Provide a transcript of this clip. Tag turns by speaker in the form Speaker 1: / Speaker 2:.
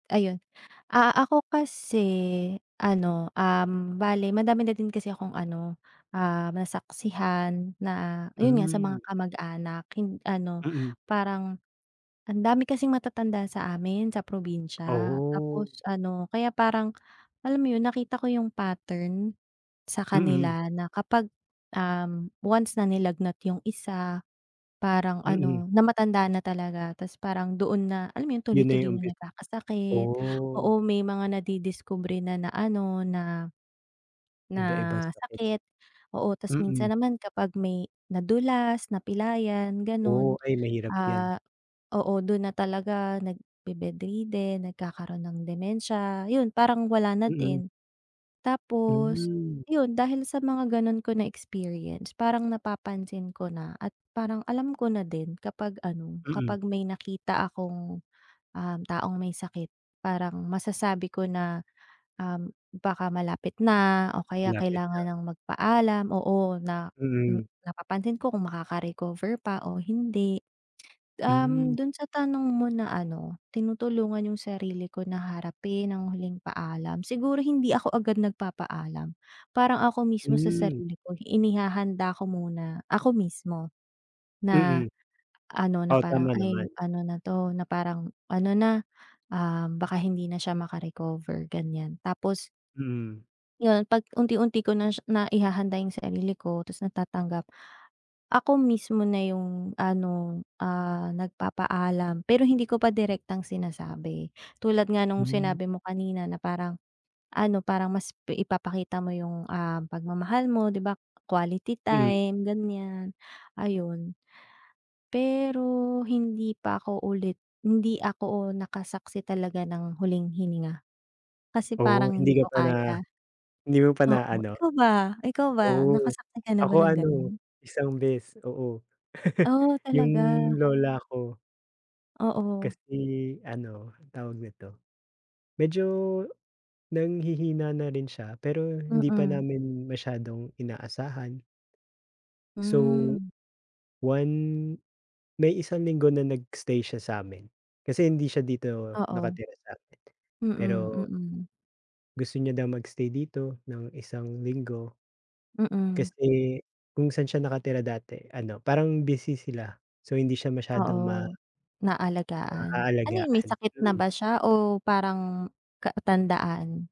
Speaker 1: Ayun, ah, ako kasi ano, um, bale madami na din kasi akong ano, um, nasaksihan na ayun nga sa mga
Speaker 2: Hmm.
Speaker 1: kamag anak hin ano
Speaker 2: Mm.
Speaker 1: parang andami kasing matatanda sa amin sa probinsya tapos
Speaker 2: Oh!
Speaker 1: ano kaya parang alam mo 'yon nakita ko yung pattern sa
Speaker 2: Mm.
Speaker 1: kanila na kapag, um, once na nilagnat yung isa, parang
Speaker 2: Mm.
Speaker 1: ano, na matanda na talaga tapos parang doon na, alam mo 'yon
Speaker 2: 'Yon na
Speaker 1: tuloy-tuloy
Speaker 2: yung umpi
Speaker 1: na nagkakasakit,
Speaker 2: oh!
Speaker 1: oo, may mga nadidiskubre na, na-ano na, na
Speaker 2: Iba-iba sakit.
Speaker 1: sakit, oo. Tas
Speaker 2: Mm.
Speaker 1: minsan naman kapag may nadulas, napilayan gano'n,
Speaker 2: Oh, ay mahirap yan.
Speaker 1: ah, oo, do'n na talaga nagbe-bed-ridden nagkakaroon ng dementia, ayun parang wala na
Speaker 2: Mm.
Speaker 1: din. Tapos,
Speaker 2: Hmm.
Speaker 1: 'yon dahil sa mga gano'n ko na experience parang napapansin ko na at parang alam ko na din kapag ano
Speaker 2: Mm.
Speaker 1: kapag may nakita akong, um, taong may sakit parang masasabi ko na, um, baka malapit na o kaya
Speaker 2: Malapit na.
Speaker 1: kailangan ng magpaalam, oo, na
Speaker 2: Mm.
Speaker 1: napapansin ko kung maka-recover pa o hindi.
Speaker 2: Hmm.
Speaker 1: Um, do'n sa tanong mo na ano tinutulungan yung sarili ko na harapin ang huling paalam, siguro hindi ako agad nagpapaalam. Parang ako mismo sa
Speaker 2: Hmm.
Speaker 1: sarili ko, inihahanda ko muna, ako mismo na
Speaker 2: Mm.
Speaker 1: ano na
Speaker 2: Oo,
Speaker 1: parang,
Speaker 2: tama
Speaker 1: "Ay
Speaker 2: naman.
Speaker 1: ano na to," na parang, "ano na, ah, baka hindi na siya maka recover." Ganyan tapos
Speaker 2: Mm.
Speaker 1: Yon 'pag unti-unti ko na siya naihahanda yung sarili ko tas natatanggap, ako mismo na yung ano, ah, nagpapaalam pero hindi ko pa direktang sinasabi. Tulad nga nung
Speaker 2: Hmm.
Speaker 1: sinabi mo kanina na parang ano, parang mas ipapakita mo yung, um, pagmamahal mo, 'di ba, quality
Speaker 2: Mm.
Speaker 1: time ganyan, ayun. Pero hindi pa ako ulit hindi ako nakasaksi talaga ng huling hininga kasi
Speaker 2: Oo,
Speaker 1: parang hindi
Speaker 2: hindi ka
Speaker 1: ko
Speaker 2: pa na
Speaker 1: kaya.
Speaker 2: hindi mo pa
Speaker 1: Oo,
Speaker 2: naa-ano.
Speaker 1: ikaw ba ikaw ba
Speaker 2: Oh,
Speaker 1: nakasaksi ka na ba
Speaker 2: ako
Speaker 1: ng
Speaker 2: ano
Speaker 1: gano'n?
Speaker 2: isang beses oo,
Speaker 1: Oh,
Speaker 2: yung
Speaker 1: talaga.
Speaker 2: lola ko.
Speaker 1: Oo.
Speaker 2: Kasi ano, tawag nito. Medyo nanghihina na rin siya pero hindi pa
Speaker 1: Mm.
Speaker 2: namin masyadong inaasahan. So,
Speaker 1: Hmm.
Speaker 2: one may isang linggo na nag-stay siya sa'min kasi hindi siya dito
Speaker 1: Oo.
Speaker 2: nakatira sa'min.
Speaker 1: Mm,
Speaker 2: Pero
Speaker 1: mm.
Speaker 2: Gusto niya daw mag-stay dito ng isang linggo.
Speaker 1: Mm.
Speaker 2: Kasi kung saan siya nakatira dati ano, parang busy sila so, hindi siya masyadong ma
Speaker 1: Oo, naalagaan. Ano 'yon may
Speaker 2: maalagaan,
Speaker 1: sakit na
Speaker 2: mm.
Speaker 1: ba siya o parang katandaan?